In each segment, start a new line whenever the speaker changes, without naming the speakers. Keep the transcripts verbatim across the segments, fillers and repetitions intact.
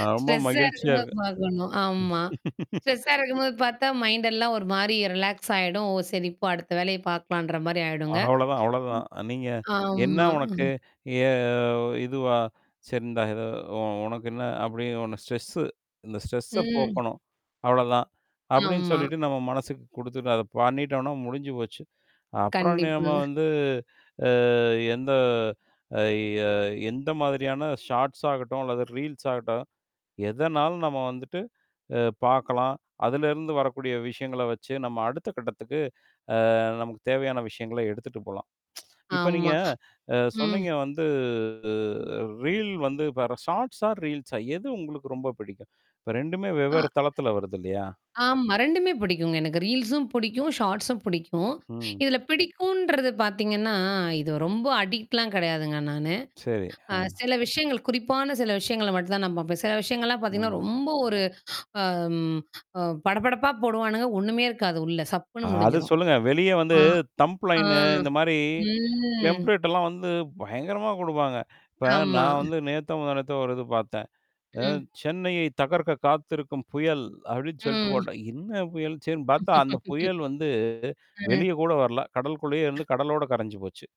ஆ. ரொம்ப
ஸ்ட்ரெஸ்ஸா
மகிழ்ச்சியா
இருக்கும்போது
இருக்கும்
பார்க்கணும். ஆமா. ஸ்ட்ரெஸ்ஸா இருக்கும்போது பார்த்தா மைண்ட் எல்லாம் ஒரு மாரி ரிலாக்ஸ் ஆயிடும். ஓ! சரி போ அடுத்த வேலைய பார்க்கலான்ற மாரி ஆயிடுங்க.
அவ்ளோதான்,
ம்.
அவ்ளோதான். நீங்க என்ன
ஆமா.
உனக்கு?
ம்.
எ இதுவா? சரி இந்தா ஏதோ உ உனக்கு என்ன அப்படி உன ஸ்ட்ரெஸ்ஸு இந்த ஸ்ட்ரெஸ்ஸ
ம்.
போக்கணும். அவ்ளோதான். அப்படின்னு
ஆமா.
சொல்லிட்டு நம்ம மனசுக்கு குடுத்துட்டு அத பண்ணிட்டோம்னா முடிஞ்சு போச்சு. அப்புறம் நியம
கண்டிப்பா.
வந்து அ எந்த அ ய எந்த மாதிரியான ஷார்ட்ஸ் ஆகட்டும், அல்லது ரீல்ஸ் ஆகட்டும்? எதனாலும் நம்ம வந்துட்டு, அ பார்க்கலாம். அலருந்து வரக்கூடிய விஷயங்கள வச்சு நம்ம அடுத்த கட்டத்துக்கு அ நமக்கு தேவையான விஷயங்கள எடுத்துட்டு போலாம். இப்ப நீங்க
ஆமா.
அ
ம்.
சொன்னீங்க வந்து அ ரீல் வந்து இப்ப ஷார்ட்ஸ்சா, ரீல்ஸா எது உங்களுக்கு ரொம்ப பிடிக்கும். இப்ப ரெண்டுமே
ஆ.
வெவ்வேறு தளத்தில வருது இல்லையா?
ஆமா. ரெண்டுமே பிடிக்குங்க. எனக்கு ரீல்ஸும் பிடிக்கும். ஷார்ட்ஸும் பிடிக்கும்.
ம்.
இதுல பிடிக்கும்ன்றது பார்த்தீங்கன்னா, இது ரொம்ப அடிக்ட்லாம் கிடையாதுங்க நானு.
சரி.
அ
ஆ.
சில விஷயங்கள் குறிப்பான சில விஷயங்கள மட்டும் தான் நான் பாப்பேன். சில விஷயங்கள்லாம் பார்த்தீங்கன்னா,
ம்.
ரொம்ப ஒரு அ அம். அ படபடப்பா போடுவானுங்க ஒண்ணுமே இருக்காது உள்ள சப்புன்னு
அத
முடிஞ்சிரும்.
சொல்லுங்க. வெளியே வந்து
ஆ. ஆ
தம்ப்லைனு இந்த மாரி
ம்.
எம்ப்ளடலாம் வந்து பயங்கரமா குடுப்பாங்க. இப்ப
ஆமா.
நான் வந்து நேத்தோ, முந்தா நேத்தோ ஒரு இது பார்த்தேன். அ
ம்.
சென்னையை தகர்க்க காத்திருக்கும் புயல் அப்படின்னு சொல்லிட்டு
ம்.
போட்டான். என்ன புயல் சரின்னு பார்த்தா அந்த புயல் வந்து
அ.
வெளிய கூட வரல. கடலுக்குள்ளேயே இருந்து கடலோட கரைஞ்சு போச்சு.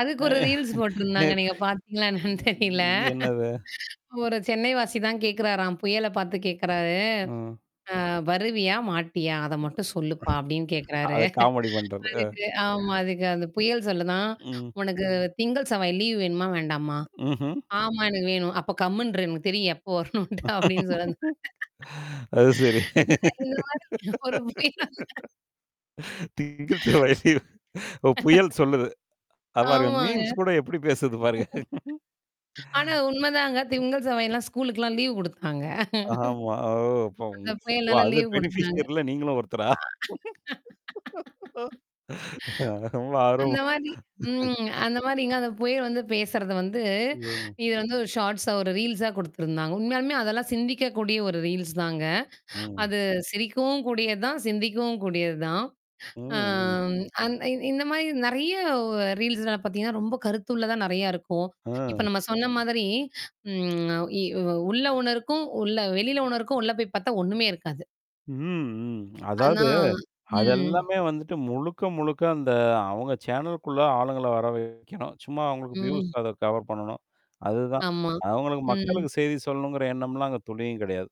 அதுக்கு
அ
ஒரு ரீல்ஸ் போட்ருந்தாங்க.
நேத்து
நீங்க பார்த்தீங்களா என்னன்னு தெரியல
அ என்னது?
ஒரு சென்னை வாசி தான் கேட்கறாராம், புயல பார்த்து கேட்கறாரு.
ஆ.
அ வருவியா, மாட்டியா? அத மட்டும் சொல்லுப்பா அப்டின்னு
அ.
கேட்கறாரு
அத காமெடி பண்றது.
அதுக்கு ஆமா அதுக்கு அந்த புயல் சொல்லுதாம்,
ம்.
உனக்கு திங்கள் செவ்வாய் லீவ் வேணுமா வேண்டாமா?
ம்ஹ்ம்.
ஆமா எனக்கு வேணும். அப்ப கம்முன்ரு எனக்கு தெரியும். எப்போ வரணுட்டு அப்படின்னு சொல்லந்த
அது சரி.
இந்த மாரி ஒரு [unintelligible]
திங்கள், செவ்வாய்ல ஓ புயல் சொல்லுது. அ பாருங்க
ஆமாங்க.
மீம்ஸ் கூட எப்படி பேசிது பாரு?
ஆனா, உண்மைதாங்க திங்கள் செவ்வாய்க்குல்லாம் ஸ்கூலுக்குல்லாம் லீவ் குடுத்தாங்க.
ஆமா. ஓ! இப்ப
அந்த
உ
புயனால
அது
லீவ் குடுத்தாங்க
பெனிஃபிஷியர் இல்ல நீங்களும் ஒருத்தரா? அ. ஆ. ரொம்ப
அந்த
ஆர்வமா.
மாரி ம். அந்த மாரிங்க அந்த புயல் வந்து பேசுறது வந்து
ம்.
இது வந்து ஒரு ஷார்ட்ஸா ஒரு ரீல்ஸா குடுத்துருந்தாங்க. உண்மையாலுமே அதெல்லாம் சிந்திக்கக்கூடிய ஒரு ரீல்ஸ் தாங்க.
ம்.
அது சிரிக்கவும் கூடியது தான், சிந்திக்கவும் கூடியது தான்.
ம். ம்.
அம் அந் இ இந்த மாரி நறைய ரீல்ஸ்னால பார்த்தீங்கன்னா, ரொம்ப கருத்துள்ள தான் நறைய இருக்கும். இப்ப
ஆ.
நம்ம சொன்ன மாதிரி ம். இ உள்ள ஒன்னருக்கும், உள்ள வெளில ஒன்னருக்கும் உள்ள போய் பார்த்தா ஒண்ணுமே இருக்காது.
ம், ம்.
ஆனா
அதாவது.
ம்.
அதெல்லாமே வந்துட்டு முழுக்க, முழுக்க அந்த அவங்க சேனலுகுள்ள ஆளுங்கள வர வைக்கணும் சும்மா அவங்களுக்கு வியூஸ்
ம்.
அத கவர் பண்ணணும். அதுதான்.
ஆமா.
அவுங்களுக்கு
ம்.
மக்களுக்கு செய்தி சொல்லணுங்கிற எண்ணம்லாம் அங்க துணியும் கெடையாது.